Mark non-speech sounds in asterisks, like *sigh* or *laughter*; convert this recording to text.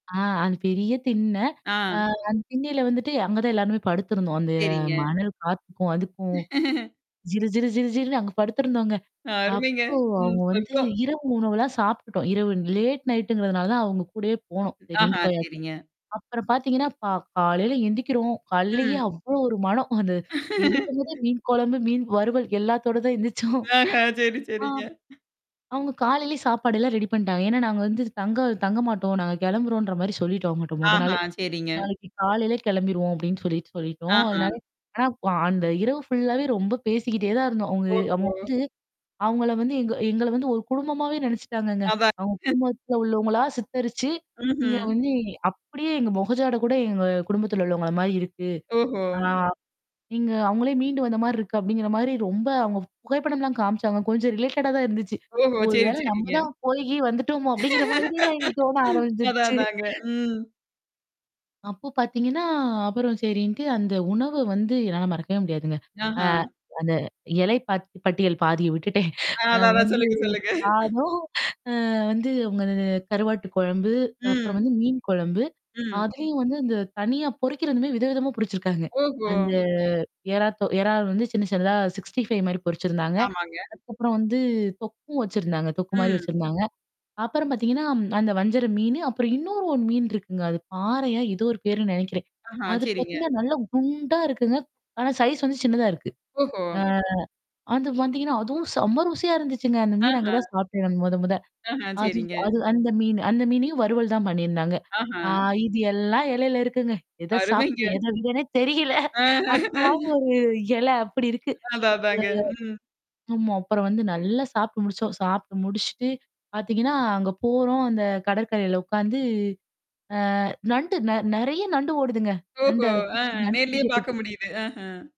ஆ அது பெரிய திண்ண. அ ஆ. அந்த திண்ணயில வந்துட்டு அங்க தான் எல்லாருமே படுத்திருந்தோம். அந்த சரிங்க. மணல் காத்துக்கும் அதுக்கும். *laughs* ஜீர, ஜீர, ஜீர, ஜீல்ன்னு அங்க படுத்துருந்தோங்க. அருமைங்க. அப்போ ம் அவங்க வந்து சொட்டும். இரவு உணவுலாம் சாப்ட்டுட்டோம். இரவு லேட் நைட்ங்கிறதுனால அவங்க கூடயே போனோம். சரின்ட்டு ஆஹா போயாச்சு. சரிங்க. அப்புறம் பாத்தீங்கன்னா, ப காலையில எந்திக்கிறோம். காலலேயே ம். அவ்ளோ ஒரு மனம். அந்த எந்திக்கும்போதே *laughs* மீன் கொழம்பு, மீன் வறுவல், எல்லாத்தோட தான் எந்திரிச்சோம். ஆஹ! சரி, ஆ சரிங்க. அவங்க காலையிலேயே சாப்பாடு எல்லாம் ரெடி பண்ணிட்டாங்க. ஏன்னா நாங்க வந்து தங்க தங்க மாட்டோம். நாங்க கிளம்புறோம்ன்ற மாரி சொல்லிட்டோம் அவங்கட்ட மொத ஆஹா நாளே. சரிங்க. நாளைக்கு காலையிலே கெளம்பிருவோம் அப்படின்னு சொல்லிட்டு சொல்லிட்டோம். ஆஹ. அதனால. ஆனா, அந்த இரவு ஃபுல்லாவே ரொம்ப பேசிக்கிட்டே தான் இருந்தோம். அவுங்க அவங்க ஓஹோ! வந்து அவங்கள வந்து எங்க எங்கள வந்து ஒரு குடும்பமாவே நெனைச்சுட்டாங்கங்க. அதா. அவங்க *unintelligible* குடும்பத்துல உள்ளவங்களா சித்தரிச்சு நீங்க ம்ஹ்ம். வந்து அப்படியே எங்க மொகஜாட கூட எங்க குடும்பத்துல உள்ளவங்க அ மாரி இருக்கு. ஓஹோ! ஆ. நீங்க அவங்களே மீண்டு வந்த மாரி இருக்கு. அப்படிங்கிற மாரி ரொம்ப அவங்க புகைப்படம்லாம் காமிச்சாங்க. கொஞ்சம் ரிலேட்டடா தான் இருந்துச்சு. ஓஹோ! ஒரு சரி வேளை நம்ம சரிங்க. தான் போயி கீயி வந்துட்டோமோ? அப்படிங்கிற மாதிரிலாம் எங்களுக்கு தோண அதான் ஆரம்பிச்சருச்சு. அதாங்க. ம். அப்போ பாத்தீங்கன்னா, அப்புறம் சரின்ட்டு அந்த உணவு வந்து என்னால மறக்கவே முடியாதுங்க. அ ஆஹான். அந்த எலை பாத் பட்டியல் பாதிய விட்டுட்டேன். ஆன், அ அதான் அதான் வந்து சொல்லுங்க, சொல்லுங்க. சாதம், அ வந்து அங்க அந்த கருவாட்டு கொழம்பு, அப்புறம் ம். வந்து மீன் கொழம்பு. ம். அதலயும் வந்து இந்த தனியா பொறிக்கதுமே வித விதமா பொரிச்சிருக்காங்க. ஓஹோ! அந்த எறாத்தோ எறால் வந்து சின்ன சின்னதா 65 மாரி பொறிச்சிருந்தாங்க. ஆமாங்க. அதுக்கப்புறம் வந்து தொக்கும் வச்சிருந்தாங்க. தொக்கு மாரி ம். வச்சிருந்தாங்க. அப்புறம் பாத்தீங்கன்னா அந்த வஞ்சர மீனு, அப்புறம் இன்னொரு ஒன் மீன் இருக்குங்க, அது பாறையா? எதோ ஒரு பேருன்னு நெனைக்கிறேன். ஆஹான். அது சரிங்க. பாத்தீங்கன்னா நல்ல குண்டா இருக்குங்க. ஆனா சைஸ் வந்து சின்னதா இருக்கு. ஓஹோ! ஆ அது வந்தீங்கன்னா, அதுவும் செம ருசியா இருந்துச்சுங்க. அந்த மீன் அங்க ஆஹா. தான் சாப்ட்டன் நா மொத மொத. ஆஹன். அது சரிங்க. அது அந்த மீன் அந்த மீனையும் வறுவல் தான் பண்ணியிருந்தாங்க. ஆஹா. ஆ இது எல்லாம் எலையில இருக்குங்க. எத சாப்பட அருமைங்க. எத விதன்னே தெரியல. அந்த மாரி ஆ. ஒரு எல அப்படி இருக்கு. அதான், அதாங்க. ம். *unintelligible* ஆமா, அப்புறம் வந்து நல்லா சாப்ட்டு முடிச்சோம். சாப்ட்டு முடிச்சுட்டு, பாத்தீங்கன்னா, அங்க போறோம் அந்த கடற்கரையில உக்காந்து அ நண்டு ந நெறைய நண்டு ஓடுதுங்க. நண்டு ஓஹோ! *unintelligible* அத அ புடிச்சு நண்டு நேர்லயே பாக்க பிடிக்கிறதுக்கு. முடியுது. அஹன்.